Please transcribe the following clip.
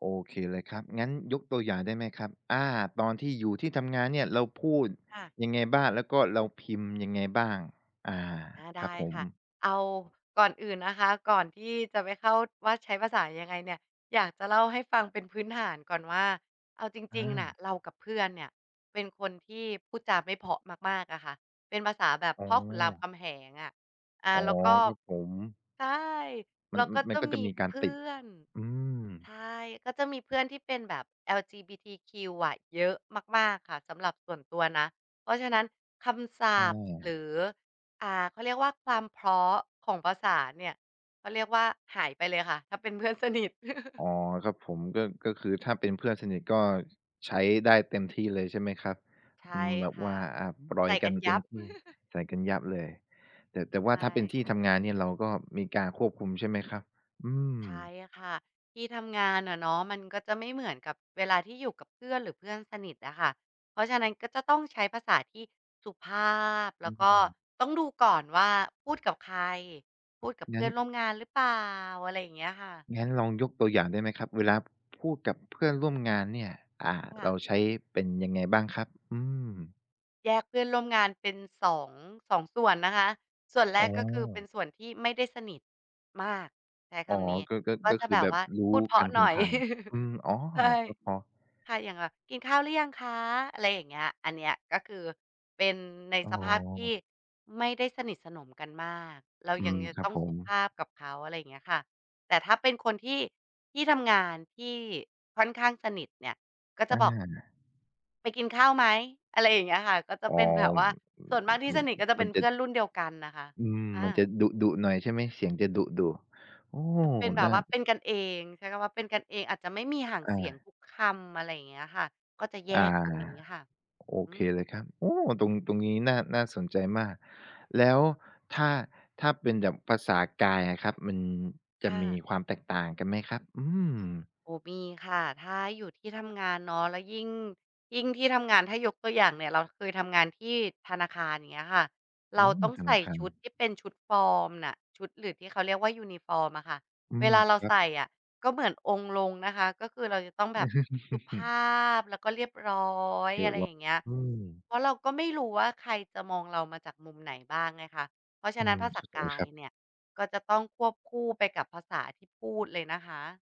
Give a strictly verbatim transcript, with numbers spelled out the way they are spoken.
โอเคเลยครับ งั้นยกตัวอย่างได้ไหมครับ อ่า ตอนที่อยู่ที่ทำงานเนี่ยเราพูดค่ะ ยังไงบ้าง แล้วก็เราพิมพ์ยังไงบ้าง? อา อา ไคดรับ้ผค่ะ ม เอา ก่อนอื่นนะคะ ก่อนที่จะไปเข้าว่าใช้ภาษายังไงเนี่ย อยากจะเล่าให้ฟังเป็นพื้นฐานก่อนว่า เอาจอริง ๆ น่ะา เรากับเพื่อนเนี่ยเป็นคนที่พูดจาไม่เพราะมาก ๆ อะค่ะ เป็นภาษาแบบอ๋พ่อขุนรามคอ ำแหงอะ อ่า อ๋อ แล้วก็ ครับผม ใช่ มแัลน ้วอ ก็มจันะก็มจะีมีกาเรพตืิด ่อน อืม ใช่ ก็จะมีเพื่อนที่เป็นแบบ LGBTQ อะเยอะมาก ๆ ค่ะสำหรับส่วนตัวนะ เพราะฉะนั้นคำศัใชพท์ หร่ ือ อ่า เขาเรียกว่า ความเพราะของภาษาเนี่ย เขาเรียกว่าหายไปเลยค่ะ ถ้าเป็นเพื่อนสนิท อ๋อ ครับผม ก็ ก็คือถ้าเป็นเพื่อนสนิทก็ใช้ได้เต็มที่เลย ใช่ไหมครับ ใชอ่ืม แบคบ่วะ ่า อ่า ปล่อใสย่กกัันนเยตั็มบ ที่ ใส่กันยับเลย แต่ แต่วใ่ชาถ้าเป็น่ ที่ทำงานเนี่ยเราก็มีการควบคุมใช่ไหมครับ? อืม ใช่ค่ะ ที่ทำงานอะเนาะ มันก็จะไม่เหมือนกับเวลาที่อยู่กับเพื่อน หรือเพื่อนสนิทอะค่ะ เพราะฉะนั้นก็จะต้องใช้ภาษาที่สุภาพ แอลื้วก็ม ต้องดูก่อนว่าพูดกับใคร พูดกับเพงั้ื่อน นร่วมงานหรือเปล่า อะไรอย่างเงี้ยค่ะ งั้นลองยกตัวอย่างได้ไหมครับ เวลาพูดกับเพื่อนร่วมงานเนี่ย อ่า ค่เระ าใช้เป็นยังไงบ้างครับ? อืม แยกเพื่อนร่วมงานเป็นสอง สอง ส่วนนะคะ ส่วนแรอ๋ก ก็คือเป็นอ ส่วนที่ไม่ได้สนิทมาก ใช้คอ๋อ ำนี้ ก็ ก็ ก็ก็จะคืแอบแบบวบ่า รู้พูดเพรกาัะนถหึน่งอย ผ่าน อืม อ๋อ ใช่ ก็พอ ค่ะ อย่างแบบ "กินข้าวหรือยังคะ?" อะไรอย่างเงี้ย อันเนี้ยก็คือเป็นในอ๋สภาพที่อ ไม่ได้สนิทสนมกันมาก เราอืยังม จะครัตบ้องผสุม ภาพกับเขา อะไรอย่างเงี้ยค่ะ แต่ถ้าเป็นคนที่ ที่ทำงาน ที่ค่อนข้างสนิทเนี่ย ก็จอะบอก า "ไปกินข้าวไหม?" อะไรอย่างเงี้ยค่ะ ก็จะอ๋อ เป็นแบบว่า ส่วนมากที่สนิทก็จะเมป็ันนเจพะ ื่อนรุ่นเดียวกันน่ะค่ะ อืม อมันจะา ดุ ๆ หน่อยใช่ไหม เสียงจะดุ ๆ โอ้โฮ อา เป็นแบน่บา ว่า เป็นกันเองใช้คำว่า เป็นกันเองอาจจะไม่มีหางอเสียงา ทุกคำ อะไรอย่างเงี้ยค่ะ ก็จะแยอา กตรงนี้ค่ะ โออืเคม เลยครับ โอ้ ตรง ตรงนี้น่า น่าสนใจมาก แล้วถ้า ถ้าเป็นแบบภาษากายอะครับ มันจคะ่มีะ ความแตกต่างกันไหมครับ? อืม โอ้ มีค่ะ ถ้าอยู่ที่ทำงานเนาะ แล้วยิ่ง ยิ่งที่ทำงาน ถ้ายกตัวอย่างเนี่ยเราเคยทำงานที่ธนาคาร อย่างเงี้ยค่ะ โเอรา้ ต้องธในสา่คาชุดร ที่เป็นชุดฟอร์มน่ะ ชุดหรือที่เขาเรียกว่ายูนิฟอร์มอะค่ะ อืเวม ลาเราครัใสบ ่อะ ก็เหมือนองค์ลงนะคะ ก็คือเราจะต้องแบบสุภาพ แล้วก็เรียบร้อย เออะะ ไรลออย่ง างเงี้ย อืม เพราะเราก็ไม่รู้ว่าใครจะมองเรามาจากมุมไหนบ้างไงคะ เพราะฉอะืนั้นม ภาษเข้าาใจกาคยรับ เนี่ยก็จะต้องควบคู่ไปกับภาษาที่พูดเลยนะคะ